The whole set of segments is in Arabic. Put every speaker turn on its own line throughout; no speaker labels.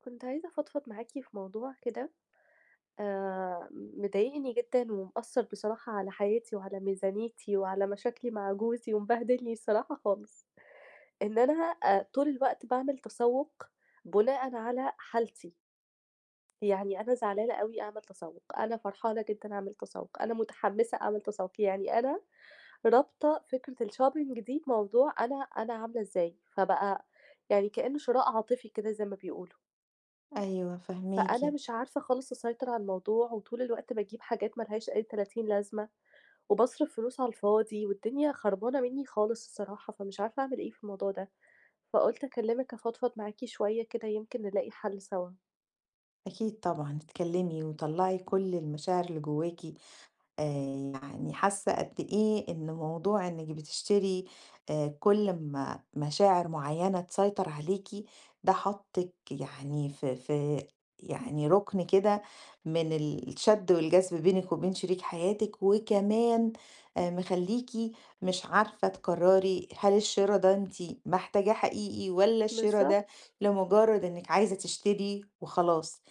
كنت عايزة أفضفض معاكِ في موضوع كده آآ مضايقني جدًا ومأثّر بصراحة على حياتي وعلى ميزانيتي وعلى مشاكلي مع جوزي ومبهدلني الصراحة خالص. إن أنا آآ طول الوقت باعمل تسوُّق بُناءً على حالتي. يعني أنا زعلانة أوي أعمل تسوُّق، أنا فرحانة جدًا أعمل تسوُّق، أنا مُتحمِّسة أعمل تسوُّق. يعني أنا رابطة فكرة الshopping دي بموضوع أنا أنا عاملة إزاي، فبقى يعني كإنّه شِراء عاطفي كده زي ما بيقولوا.
أيوه فاهماكِ.
فأنا مش عارفة خالص أسيطر على الموضوع وطول الوقت باجيب حاجات ما لهاش أي تلاتين لازمة وباصرِف فلوس على الفاضي والدنيا خربانة منّي خالص الصراحة، فمش عارفة أعمل إيه في الموضوع ده، فقُلت أكلّمِك أفضفض معاكِ شوية كده يمكن نلاقي حَل سَوا.
أكيد طبعًا، اتكلِّمي وطلّعي كل المشاعر اللي جوّاكِ. آآ يعني حاسّة قد إيه إن موضوع إنِّك بتشتري آآ كل أمّا مشاعر معيّنة تسيطر عليكِ ده حاطِّك يعني في في يعني رُكن كده من الشَد والجذب بينِك وبين شريك حياتِك وكمان آآ مخلّيكِ مش عارفة تقرّري هل الشِرا ده أنتِ محتاجاه حقيقي والّا الشِرا ده
بالضبط.
لمُجرّد إنِّك عايزة تشتري وخلاص،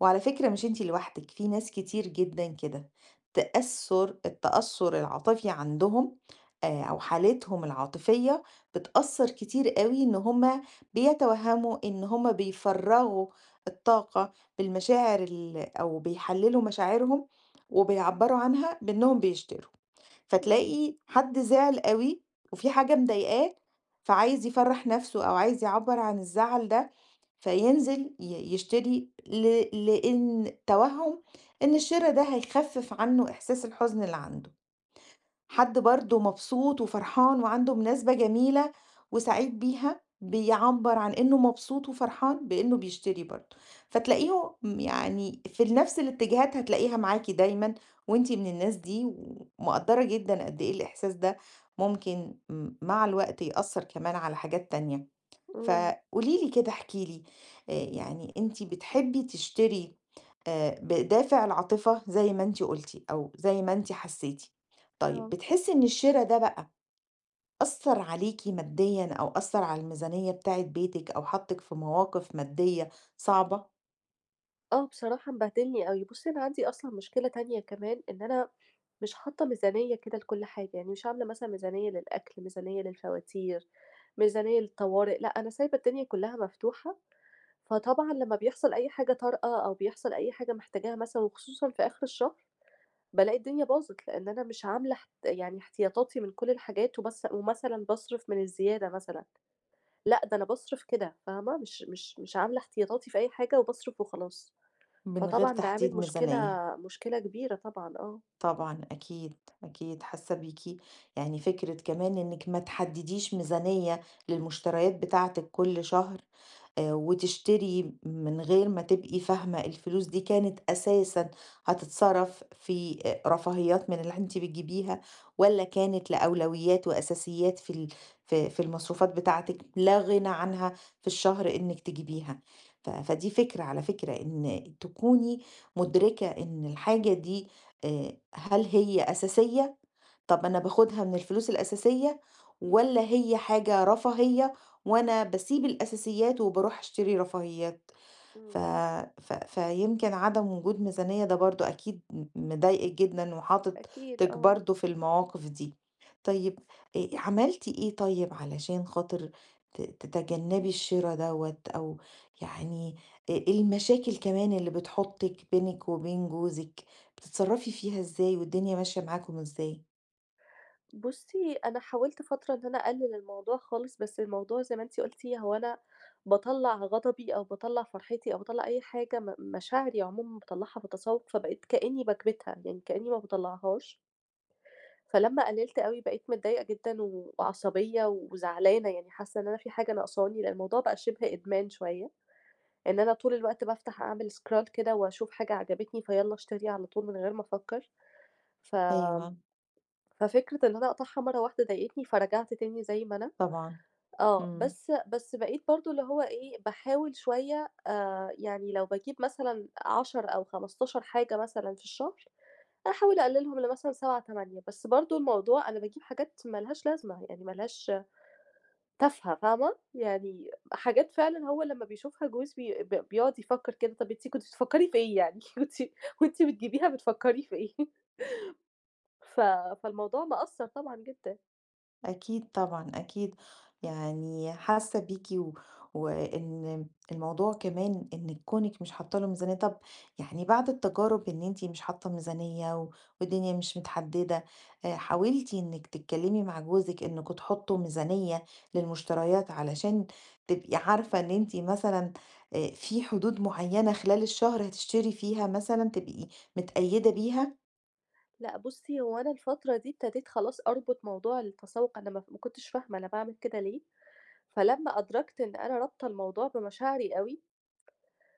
وعلى فكرة مش أنتِ لوحدِك، في ناس كتير جدًا كده، تأثُّر التأثّر العاطفي عندهم آآ أو حالتهم العاطفية بتأثّر كتير أوي إن هم بيتوهَّموا إن هم بيفرَّغوا الطاقة بالمشاعر ال أو بيحلّلوا مشاعرهم وبيعبَّروا عنها بإنّهم بيشتروا،
إمم.
فتلاقي حد زعل أوي وفي حاجة مضايقاه فعايز يفرَّح نَفْسه أو عايز يعبَّر عن الزعل ده، فينزل ي يشتري ل لإن توهُّم إن الشِرا ده هيخفّف عنّه إحساس الحُزن اللي عنده. حد برضه مبسوط وفرحان وعنده مناسبة جميلة وسعيد بيها، بيعبَّر عن إنه مبسوط وفرحان بإنّه بيشتري برضه، فتلاقيهم يعني في ال نَفْس الاتجاهات هتلاقيها معاكِ دايمًا وأنتِ من الناس دي ومقدّرة جدًا قد إيه الإحساس ده ممكن م مع الوقت يأثّر كمان على حاجات تانية.
إمم.
فقولي لي كده احكي لي، يعني أنتِ بتحبّي تشتري آآ بدافِع العاطفة زي ما أنتِ قُلتِ أو زي ما أنتِ حسّيتِ، طيب
آه.
بتحسّي إن الشِرا ده بقى أثّر عليكِ مادّيًا أو أثّر على الميزانية بتاعة بيتِك أو حاطِّك في مواقِف مادّية صعبة؟
آه، بصراحة مبهدلني أوي. بُصّي، أنا عندي أصلًا مشكلة تانية كمان إن أنا مش حاطة ميزانية كده لكل حاجة يعني مش عاملة مثلًا ميزانية للأكل، ميزانية للفواتير، ميزانية للطوارئ، لأ أنا سايبة الدنيا كلها مفتوحة فطبعًا لمّا بيحصل أي حاجة طارئة أو بيحصل أي حاجة محتاجاها مثلًا وخصوصًا في آخر الشهر، بالاقي الدنيا باظت؛ لأن أنا مش عاملة اح يعني احتياطاتي من كل الحاجات وبس ومثلًا باصرف من الزيادة مثلًا، لأ ده أنا باصرف كده فاهمة؟ مش مش مش عاملة احتياطاتي في أي حاجة وباصرف وخلاص،
من غير
فطبعًا ده عامل
تحديد
مشكلة،
ميزانية.
مشكلة كبيرة طبعًا، آه.
طبعًا، أكيد. أكيد حاسة بيكِ، يعني فكرة كمان إنِك ما تحددّيش ميزانية للمشتريات بتاعتِك كل شهر، آآ، وتشتري من غير ما تبقي فاهمة الفلوس دي كانت أساسًا هتتصرف في أ رفاهيات من اللي أنتِ بتجيبيها والّا كانت لأولويات وأساسيات في ال ف في المصروفات بتاعتِك لا غنى عنها في الشهر إنِك تجيبيها ف فدي فكرة على فكرة، إن تكوني مُدركة إن الحاجة دي آآ، هل هي أساسية؟ طَب أنا باخدها من الفلوس الأساسية؟ والّا هي حاجة رفاهية وأنا باسيب الأساسيات وباروح أشتري رفاهيات؟ ف
إمم.
ف فيمكن عدم وجود ميزانية ده برضه أكيد م مضايقِك جدًا
أكيد
وحاطِك
آه.
برضه في المواقف دي. طيب، آآ، عملتِ إيه طيب علشان خاطر ت تتجنبي الشرا دوّة أو يعني آآ المشاكل كمان اللي بتحُطِك بينك وبين جوزِك بتتصرفي فيها إزاي والدنيا ماشية معاكم إزاي؟
بُصّي، أنا حاولت فترة إن أنا أقلِّل الموضوع خالص، بس الموضوع زي ما أنتِ قُلتِ هو أنا باطلّع غضبي أو باطلّع فرحتي أو باطلّع أي حاجة م مشاعري عمومًا باطلّعها بالتسوّق، فبقيت كإنّي باكْبِتها، يعني كإنّي ما باطلَّعهاش. فلما قلِّلت أوي، بقيت متضايقة جدًا وعصبيّة وزعلانة، يعني حاسّة إن أنا في حاجة ناقصاني لإن الموضوع بقى شِبه إدمان شوية إن أنا طول الوقت بافتح أعمل scroll كده وأشوف حاجة عجبتني فيالّا اشتري على طول من غير ما أفكّر. فآمم
أيوه.
ففكرة إن أنا أقطعها مرّة واحدة ضايقتني، فرجعت تاني زي ما أنا،
طبعًا.
آه.
إمم.
بس بس بقيت برضه اللي هو إيه، باحاول شوية آآ يعني لو باجيب مثلًا 10 أو 15 حاجة مثلًا في الشهر، أحاول أقلِّلهم لمثلًا 7، 8. بس برضه الموضوع أنا باجيب حاجات مالهاش لازمة، يعني ما لهاش تافة فاهمة؟ يعني حاجات فعلًا هو لمّا بيشوفها جوز بي ب بيقعُد يفكّر كده، "طَب أنتِ كنتِ بتفكّري في إيه يعني؟ كنتِ كنتِ بتجيبيها بتفكّري في إيه؟" ف فالموضوع مأثر طبعًا جدًا.
أكيد طبعًا، أكيد. يعني حاسّة بيكِ و وإن الموضوع كمان إنِّك كُونِك مش حاطّة له ميزانية، طَب يعني بعد التجارب إن أنتِ مش حاطّة ميزانية و والدنيا مش متحدِّدة، آآ حاولتِ إنِّك تتكلِّمي مع جوزِك إنّكم تحُطّوا ميزانية للمُشتريات علشان تبقي عارفة إن أنتِ مثلًا آآ في حدود معيّنة خلال الشهر هتشتري فيها مثلًا تبقي متقيّدة بيها؟
لأ بُصّي، هو أنا الفترة دي ابتديت خلاص أربُط موضوع التسوُّق أنا ما ما كنتش فاهمة أنا باعمل كده ليه، فلمّا أدركت إن أنا رابطة الموضوع بمشاعري أوي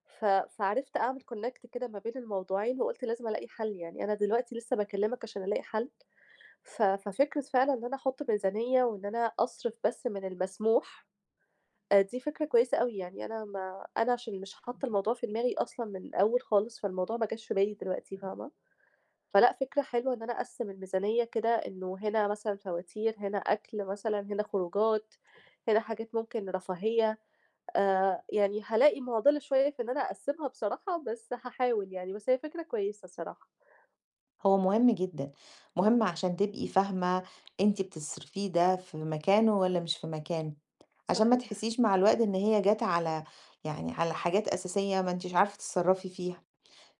ف فعرفت أعمل Connect كده ما بين الموضوعين وقُلت لازم ألاقي حَل، يعني أنا دلوقتي لسّه باكِّلمِك عشان ألاقي حَل. ف ففكرة فعلًا إن أنا أحُط ميزانية وإن أنا أصرِف بس من المسموح، آآ دي فكرة كويسة أوي. يعني أنا ما أنا عشان مش حاطّة الموضوع في دماغي أصلًا من الأول خالص، فالموضوع ما جاش في بالي دلوقتي فاهمة، فلأ، فكرة حلوة إن أنا أقسِّم الميزانية كده إنه هنا مثلًا فواتير، هنا أكل مثلًا، هنا خروجات، هنا حاجات ممكن رفاهية. آآ يعني هالاقي مُعضِلة شوية في إن أنا أقسمها بصراحة، بس هاحاول يعني، بس هي فكرة كويسة الصراحة.
هو مهم جدًا، مهم علشان تبقي فاهمة أنتِ بتصرفيه ده في مكانه والّا مش في مكان، علشان ما
صحيح.
تحسّيش مع الوقت إن هي جات على يعني على حاجات أساسية ما أنتيش عارفة تتصرَّفي فيها.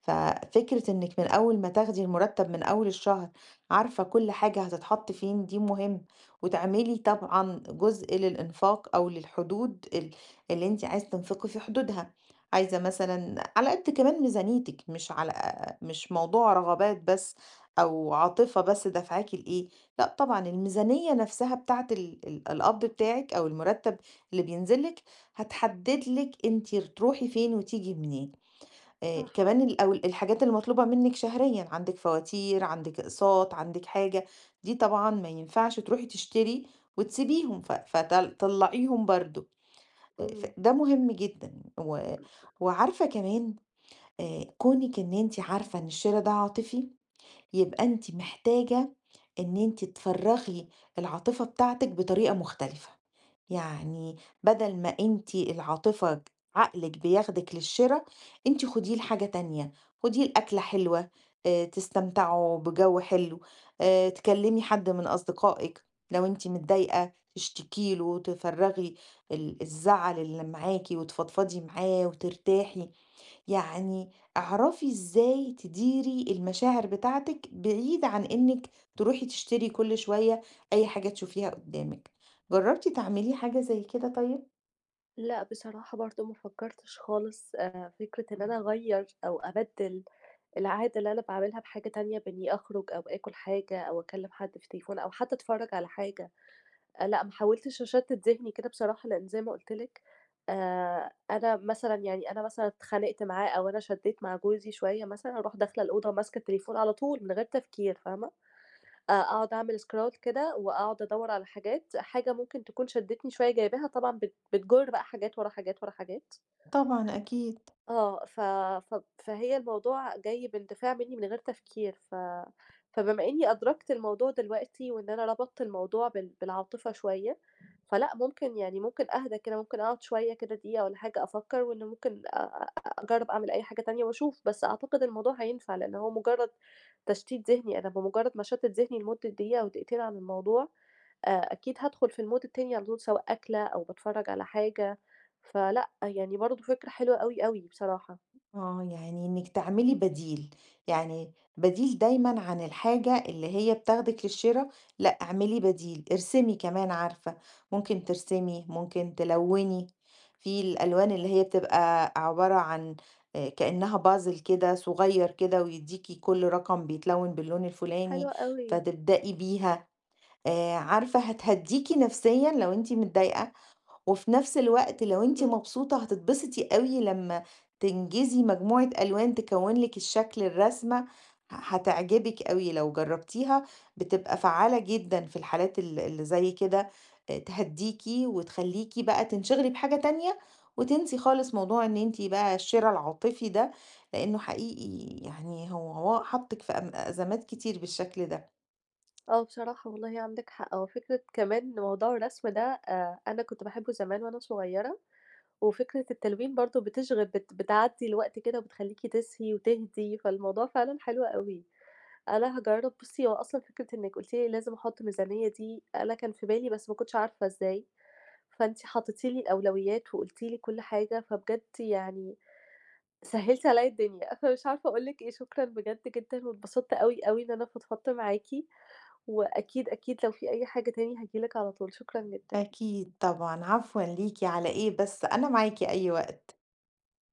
ففكرة إنِّك من أول ما تاخدي المُرتَّب من أول الشهر عارفة كل حاجة هتتحَط فين، دي مهم. وتعملي طبعًا جزء للإنفاق أو للحدود ال اللي أنتِ عايزة تنفقي في حدودها، عايزة مثلًا على قد كمان ميزانيتِك مش على مش موضوع رغبات بس أو عاطفة بس دَافْعاكِ لإيه، لأ طبعًا، الميزانية نَفْسها بتاعة ال ال القَبْض بتاعِك أو المُرتَّب اللي بينزل لِك، هتحدِّد لِك أنتِ تروحي فين وتيجي منين. آآ
صح.
كمان الأول الحاجات المطلوبة منِّك شهريًا، عندِك فواتير، عندِك أقساط، عندِك حاجة، دي طبعًا ما ينفعش تروحي تشتري وتسيبيهم، ف فطل طلَّعيهم برضه. آآ ف
إمم.
ده مهم جدًا و وعارفة كمان آآ كُونِك إن أنتِ عارفة إن الشِرا ده عاطفي، يبقي أنتِ محتاجة إن أنتِ تفرَّغي العاطفة بتاعتِك بطريقة مختلفة. يعني بَدَل ما أنتِ العاطفة عقلِك بياخدِك للشِرا، أنتِ خُديه لحاجة تانية، خُديه لأكلة حلوة آآ تستمتعوا بجَو حلو آآ تكلِّمي حد من أصدقائِك لو أنتِ متضايقة تشتكي له وتفرَّغي ال الزعل اللي معاكِ وتفضفضي معاه وترتاحي. يعني اعرفي إزاي تديري المشاعر بتاعتِك بعيد عن إنِّك تروحي تشتري كل شوية أي حاجة تشوفيها قُدّامِك. جرّبتِ تعملي حاجة زي كده طيب؟
لأ، بصراحة برضه ما فكَّرتش خالص. آآ فكرة إن أنا أغيَّر أو أبَدِّل العادة اللي أنا باعملها بحاجة تانية بإنّي أخرُج أو آكُل حاجة أو أكلِّم حد في التليفون أو حتّى أتفرّج على حاجة، لأ، ما حاولتش أشتِّت ذِهني كده بصراحة لإن زي ما قُلت لِك آآ أنا مثلًا يعني أنا مثلًا اتخانقت معاه أو أنا شدّيت مع جوزي شوية مثلًا أروح داخلة الأوضة ماسكة التليفون على طول من غير تفكير فاهمة، أ أقعُد أعمل Scroll كده وأقعُد أدوَّر على حاجات، حاجة ممكن تكون شدّتني شوية جايباها طبعًا بت بتجُر بقى حاجات، ورا حاجات، ورا حاجات.
طبعًا أكيد.
آه. ف ف فهي الموضوع جاي باندفاع منّي من غير تفكير، ف فبما إنّي أدركت الموضوع دلوقتي وإن أنا ربطت الموضوع بال بالعاطفة شوية فلأ، ممكن يعني ممكن أهدى كده، ممكن أقعُد شوية كده دقيقة والّا حاجة أفكَّر وإن ممكن أ أ أجرَّب أعمل أي حاجة تانية وأشوف، بس أعتقد الموضوع هينفع لإن هو مُجرّد تشتيت ذِهني، أنا بمُجرّد ما أشتِّت ذِهني لمُدّة دقيقة أو دقيقتين عن الموضوع، آآ أكيد هادخُل في الMood التاني على طول سواء أكلة أو باتفرَّج على حاجة فلأ، يعني برضه فكرة حلوة أوي، أوي بصراحة.
آه، يعني إنِّك تعملي بديل. يعني بديل دايمًا عن الحاجة اللي هي بتاخدِك للشِرا لأ، اعملي بديل، ارسمي كمان عارفة، ممكن ترسمي، ممكن تلوِّني. في الألوان اللي هي بتبقى عبارة عن آآ كإنّها Puzzle كده صغير كده ويدّيكِ كل رقم بيتلوِّن باللون الفُلاني،
حلوة أوي.
فتبدئي بيها. آآ عارفة هتهدّيكِ نَفْسيًا لو أنتِ متضايقة، وفي نَفْس الوقت لو أنتِ
إمم.
مبسوطة هتتبسطي أوي لمّا تنجزي مجموعة ألوان تكوِّن لِك الشكل الرسمة ه هتعجبِك أوي لو جرَّبتيها، بتبقى فعّالة جدًا في الحالات ال اللي زي كده آآ تهدّيكِ وتخلّيكِ بقى تنشغلي بحاجة تانية وتنسي خالص موضوع إن أنتِ بقى الشِرا العاطفي ده، لإنّه حقيقي يعني هو هو حاطِّك في أم أزمات كتير بالشكل ده.
آه، بصراحة والله عندِك حق. هو فكرة كمان موضوع الرسم ده أ أنا كنت باحبّه زمان وأنا صغيرة وفكرة التلوين برضه بتشغِل بت بتعدّي الوقت كده وبتخلّيكِ تسهي وتهدي، فالموضوع فعلًا حلو أوي. أنا هاجرَّب بُصّي، هو أصلًا فكرة إنِّك قُلتِ لي لازم أحُط ميزانية دي أنا كان في بالي بس ما كنتش عارفة إزاي، فأنتِ حطّيتِ لي الأولويّات وقُلتِ لي كل حاجة، فبجد يعني سهِّلتِ عليّا الدنيا، فمش عارفة أقول لِك إيه، شكرًا بجد جدًا واتبسطت أوي، أوي إن أنا فضفضت معاكِ وأكيد، أكيد لو في أي حاجة تاني هاجي لِك على طول، شكرًا جدًا.
أكيد طبعًا، عفوًا ليكِ على إيه بس؟ أنا معاكِ أي وقت.